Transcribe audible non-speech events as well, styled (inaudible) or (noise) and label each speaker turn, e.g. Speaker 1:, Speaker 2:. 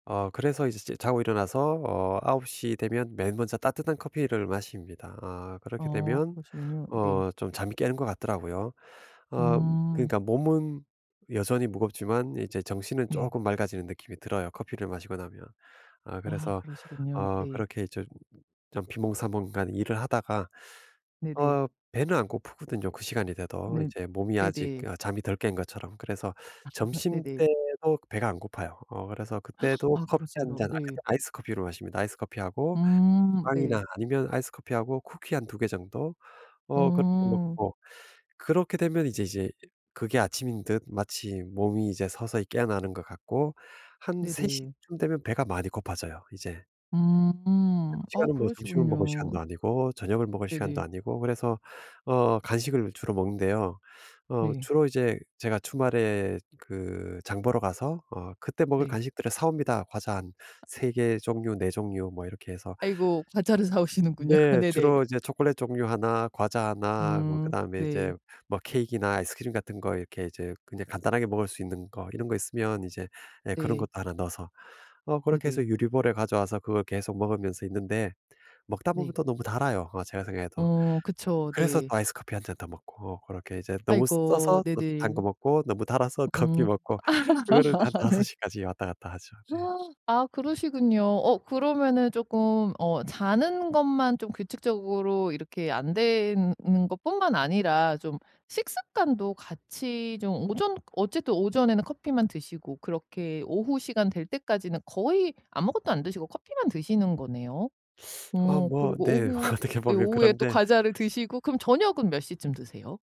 Speaker 1: 어 그래서 이제 제 자고 일어나서 어 9:00 되면 맨 먼저 따뜻한 커피를 마십니다. 아 그렇게
Speaker 2: 아
Speaker 1: 되면
Speaker 2: 그러시군요. 네.
Speaker 1: 어 좀 잠이 깨는 것 같더라고요. 어
Speaker 2: 음.
Speaker 1: 그러니까 몸은 여전히 무겁지만 이제 정신은
Speaker 2: 네.
Speaker 1: 쪼끔 맑아지는 느낌이 들어요 커피를 마시고 나면. 아
Speaker 2: 아
Speaker 1: 그래서
Speaker 2: 그러시군요.
Speaker 1: 어
Speaker 2: 네.
Speaker 1: 그렇게 이제 좀 비몽사몽간 일을 하다가
Speaker 2: 네네.
Speaker 1: 어 배는 안 고프거든요 그 시간이 돼도.
Speaker 2: 네.
Speaker 1: 이제 몸이 아직
Speaker 2: 네네.
Speaker 1: 아 잠이 덜 깬 것처럼. 그래서
Speaker 2: (laughs) 네네.
Speaker 1: 점심때도 배가 안 고파요. 어 그래서
Speaker 2: (gasps)
Speaker 1: 그때도
Speaker 2: 아
Speaker 1: 커피 1
Speaker 2: 그랬어요?
Speaker 1: 잔 아
Speaker 2: 네.
Speaker 1: 그때 아이스 커피로 마십니다. 아이스 커피하고
Speaker 2: 음. 네.
Speaker 1: 빵이나 아니면 아이스 커피하고 쿠키 한 2 개 정도? 어 그렇게
Speaker 2: 음.
Speaker 1: 먹고. 그렇게 되면 이제 이제 그게 아침인 듯 마치 몸이 이제 서서히 깨어나는 것 같고 한 3:00
Speaker 2: 네네.
Speaker 1: 쯤 되면 배가 많이 고파져요 이제. 근데
Speaker 2: 음.
Speaker 1: 그
Speaker 2: 아
Speaker 1: 시간은 뭐 점심을 먹을
Speaker 2: 그러시군요.
Speaker 1: 시간도 아니고 저녁을 먹을 시간도
Speaker 2: 네네.
Speaker 1: 아니고 그래서 어 간식을 주로 먹는데요. 어
Speaker 2: 네.
Speaker 1: 주로 이제 제가 주말에 그 장 보러 가서 어 그때 먹을
Speaker 2: 네.
Speaker 1: 간식들을 사 옵니다. 과자 한
Speaker 2: 아.
Speaker 1: 3 개 종류 4 종류 뭐 이렇게 해서
Speaker 2: 아이고. 과자를 사오시는군요.
Speaker 1: 네.
Speaker 2: 네네.
Speaker 1: 주로 이제 초콜릿 종류 하나, 과자 하나 뭐
Speaker 2: 음.
Speaker 1: 그다음에 이제
Speaker 2: 네.
Speaker 1: 뭐 케이크나 아이스크림 같은 거 이렇게 이제 그냥 간단하게 먹을 수 있는 거 이런 거 있으면 이제 예 그런
Speaker 2: 네.
Speaker 1: 것도 하나 넣어서 어 그렇게 해서
Speaker 2: 네네.
Speaker 1: 유리 볼에 가져와서 그걸 계속 먹으면서 있는데 먹다 보면
Speaker 2: 네.
Speaker 1: 또 너무 달아요 어 제가 생각해도.
Speaker 2: 어 그쵸.
Speaker 1: 그래서
Speaker 2: 네.
Speaker 1: 또 아이스 커피 1 잔 더 먹고 어 그렇게 이제 너무
Speaker 2: 아이고.
Speaker 1: 써서 또 단
Speaker 2: 네네.
Speaker 1: 거 먹고 너무 달아서 커피
Speaker 2: 음.
Speaker 1: 먹고 그거를 한
Speaker 2: (laughs) 네.
Speaker 1: 5:00 까지 왔다 갔다 하죠 네.
Speaker 2: (gasps) 아 그러시군요. 어 그러면은 쪼끔 어 자는 것만 좀 규칙적으로 이렇게 안 되는 는 것뿐만 아니라 좀 식습관도 같이 좀 오전 어쨌든 오전에는 커피만 드시고 그렇게 오후 시간 될 때까지는 거의 아무것도 안 드시고 커피만 드시는 거네요.
Speaker 1: (sucks teeth) 어
Speaker 2: 어
Speaker 1: 뭐
Speaker 2: 그리고
Speaker 1: 네.
Speaker 2: 오후
Speaker 1: 어떻게
Speaker 2: 예
Speaker 1: 보면
Speaker 2: 오후에 또
Speaker 1: 그런데
Speaker 2: 과자를 드시고 그럼 저녁은 몇 시쯤 드세요?